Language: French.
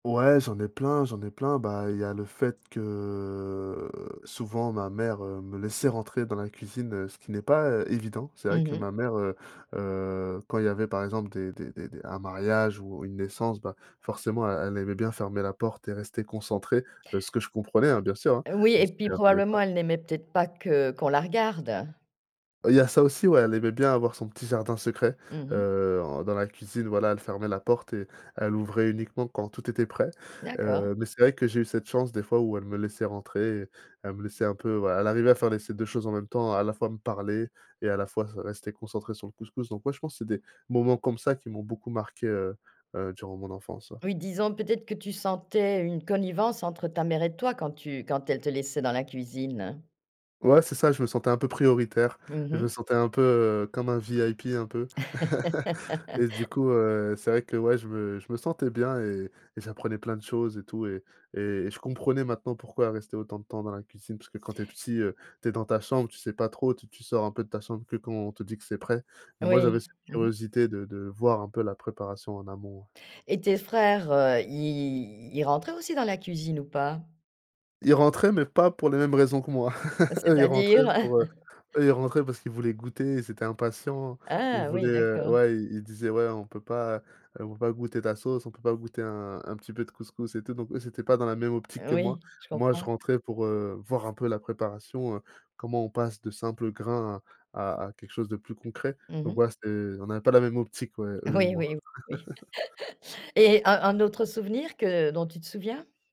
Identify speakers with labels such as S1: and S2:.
S1: Ouais, j'en ai plein, j'en ai plein. Bah, il y a le fait que, souvent ma mère, heu, me laissait rentrer dans la cuisine, heu, ce qui n'est pas é évident. C'est vrai
S2: Mmh
S1: que
S2: mh.
S1: ma mère, heu, heu, quand il y avait, par exemple, des des des des un mariage ou une naissance, bah, forcément elle, elle aimait bien fermer la porte et rester concentrée, heu, ce que je comprenais, hein, bien sûr, hein,
S2: Oui
S1: même
S2: et
S1: si
S2: puis,
S1: elle voulait
S2: probablement
S1: pas.
S2: elle n'aimait peut-être pas que qu'on la regarde.
S1: Il y a ça aussi, ouais, elle aimait bien avoir son petit jardin secret,
S2: Mmh mh.
S1: heu, en dans la cuisine, voilà, elle fermait la porte et elle ouvrait uniquement quand tout était prêt.
S2: D'accord.
S1: Heu, mais c'est vrai que j'ai eu cette chance, des fois, où elle me laissait rentrer, elle me laissait un peu, voilà, elle arrivait à faire les ces 2 choses en même temps, à la fois me parler et à la fois se rester concentrée sur le couscous. Donc ouais, je pense que c'est des moments comme ça qui m'ont beaucoup marqué, heu, heu, durant mon enfance, ouais.
S2: Oui, disons peut-être que tu sentais une connivence entre ta mère et toi quand tu quand elle te laissait dans la cuisine.
S1: Ouais, c'est ça, je me sentais un peu prioritaire,
S2: Mmh
S1: je me
S2: mh.
S1: sentais un peu comme un VIP un peu. Et du coup, heu, c'est vrai que, ouais, je me je me sentais bien et et j'apprenais plein de choses et tout et et et je comprenais maintenant pourquoi elle restait autant de temps dans la cuisine, parce que quand tu es petit, heu, tu es dans ta chambre, tu sais pas trop, tu tu sors un peu de ta chambre que quand on te dit que c'est prêt. Moi, j'avais
S2: Oui.
S1: cette
S2: Mmh mh.
S1: curiosité de de voir un peu la préparation en amont.
S2: Et tes frères, heu, ils ils rentraient aussi dans la cuisine ou pas?
S1: Ils rentraient, mais pas pour les mêmes raisons que moi. Eux, ils rentraient
S2: C'est-à-dire?
S1: pour, heu eux ils rentraient parce qu'ils voulaient goûter, ils étaient impatients, ils
S2: Ah
S1: voulaient,
S2: oui,
S1: heu
S2: d'accord.
S1: ouais, i ils disaient: «Ouais, on peut pas on peut pas goûter ta sauce? On peut pas goûter un un petit peu de couscous?», et tout donc, eux, c'était pas dans la même optique que moi.
S2: Oui je
S1: Moi je
S2: comprends.
S1: rentrais pour, heu, voir un peu la préparation, comment on passe de simples grains à à quelque chose de plus concret.
S2: Mmh
S1: Donc
S2: mh.
S1: voilà, c'était on n'avait pas la même optique, ouais, eux et
S2: Oui,
S1: moi.
S2: oui, oui, oui. Et un un autre souvenir que dont tu te souviens?